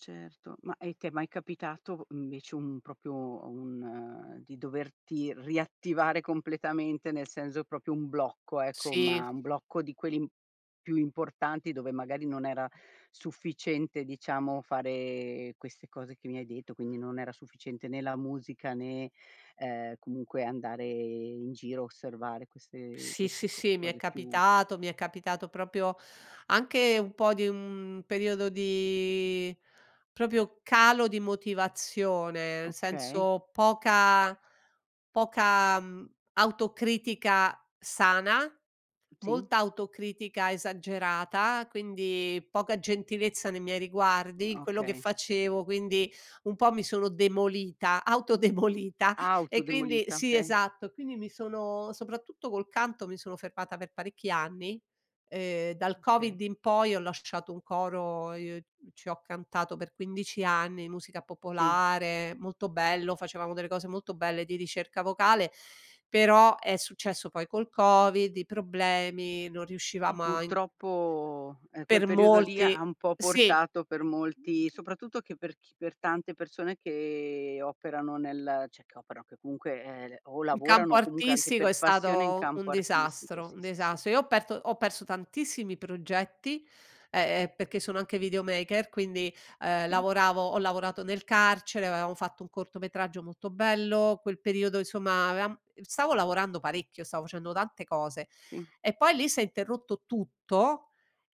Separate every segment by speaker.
Speaker 1: Certo, ma e ti è mai capitato, mhmm, invece un proprio un di doverti riattivare completamente, nel senso proprio un blocco ecco,
Speaker 2: Sì.
Speaker 1: ma un blocco di quelli più importanti, dove magari non era sufficiente, diciamo, fare queste cose che mi hai detto, quindi non era sufficiente né la musica né, ehm, comunque andare in giro, osservare queste
Speaker 2: Sì,
Speaker 1: questi
Speaker 2: sì,
Speaker 1: co
Speaker 2: sì, mi è
Speaker 1: cose più
Speaker 2: capitato, mi è capitato proprio anche un po' di un periodo di proprio calo di motivazione, nel
Speaker 1: Okay.
Speaker 2: senso poca poca, mhmm, autocritica sana,
Speaker 1: Sì.
Speaker 2: molta autocritica esagerata, quindi poca gentilezza nei miei
Speaker 1: Uhm,
Speaker 2: riguardi, in quello che
Speaker 1: okay.
Speaker 2: facevo, quindi un po' mi sono demolita, auto demolita
Speaker 1: Auto
Speaker 2: e quindi
Speaker 1: demolita,
Speaker 2: Sì
Speaker 1: okay.
Speaker 2: esatto, quindi mi sono soprattutto col canto mi sono fermata per parecchi anni, ehm dal
Speaker 1: Okay.
Speaker 2: Covid in poi ho lasciato un coro, i ci ho cantato per 15 anni, musica
Speaker 1: Sì.
Speaker 2: popolare, molto bello, facevamo delle cose molto belle di ricerca vocale, però è successo poi col Covid, i problemi, non
Speaker 1: E
Speaker 2: riuscivamo a in
Speaker 1: purtroppo, ehm, quel
Speaker 2: Per
Speaker 1: periodo lì ha
Speaker 2: molti
Speaker 1: un po'
Speaker 2: Sì.
Speaker 1: portato, per molti, soprattutto che per chi per tante persone che operano nel cioè che operano, che comunque, ehm, o
Speaker 2: In campo
Speaker 1: lavorano, o comunque anche
Speaker 2: artistico
Speaker 1: per
Speaker 2: è
Speaker 1: passione, in
Speaker 2: stato
Speaker 1: campo
Speaker 2: un
Speaker 1: artistico,
Speaker 2: disastro,
Speaker 1: sì,
Speaker 2: un
Speaker 1: sì, sì.
Speaker 2: disastro. Io ho perto ho perso tantissimi progetti, ehm, ehm, perché sono anche videomaker quindi, uhm,
Speaker 1: Sì.
Speaker 2: lavoravo ho lavorato nel carcere, avevamo fatto un cortometraggio molto bello, quel periodo, insomma, avevam stavo lavorando parecchio, stavo facendo tante cose
Speaker 1: Sì.
Speaker 2: e poi lì s'è interrotto tutto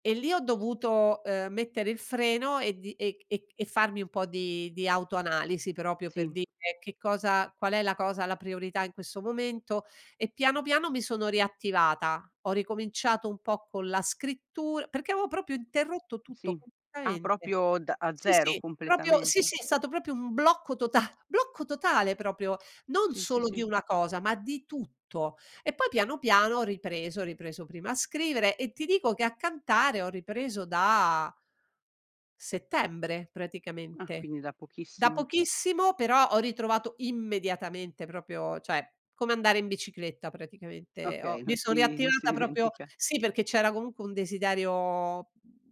Speaker 2: e lì ho dovuto, uhm, mettere il freno e di e c e farmi un po' di di autoanalisi proprio per
Speaker 1: Sì.
Speaker 2: dire: "Che cosa qual è la cosa, la priorità in questo momento." E, piano piano, mi sono riattivata. Ho ricominciato un po' con la scrittur perché avevo proprio interrotto tutto,
Speaker 1: Sì. Ah
Speaker 2: completamente.
Speaker 1: proprio da a
Speaker 2: Sì,
Speaker 1: zero,
Speaker 2: sì, proprio Sì,
Speaker 1: completamente.
Speaker 2: sì, è stato proprio un blocco tota blocco totale proprio, non
Speaker 1: Sì, sì,
Speaker 2: solo di
Speaker 1: sì.
Speaker 2: una cosa, ma di tutto. E poi, piano piano ho ripreso, ho ripreso prima a scrivere e ti dico che a cantare ho ripreso da settembre
Speaker 1: Ah,
Speaker 2: praticamente,
Speaker 1: quindi da
Speaker 2: da
Speaker 1: pochissimo.
Speaker 2: pochissimo, però ho ritrovato immediatamente proprio cioè, come andare in bicicletta praticamente ho
Speaker 1: Okay, non
Speaker 2: mi son
Speaker 1: si si non si
Speaker 2: riattivata proprio
Speaker 1: dimentica.
Speaker 2: Sì perché c'era comunque un desiderio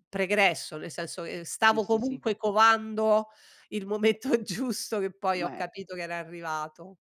Speaker 2: pregresso, nel senso che, ehm,
Speaker 1: Sì,
Speaker 2: stavo
Speaker 1: sì, sì.
Speaker 2: comunque covando il momento giusto, che poi ho
Speaker 1: Ma è uhm
Speaker 2: capito che era arrivato.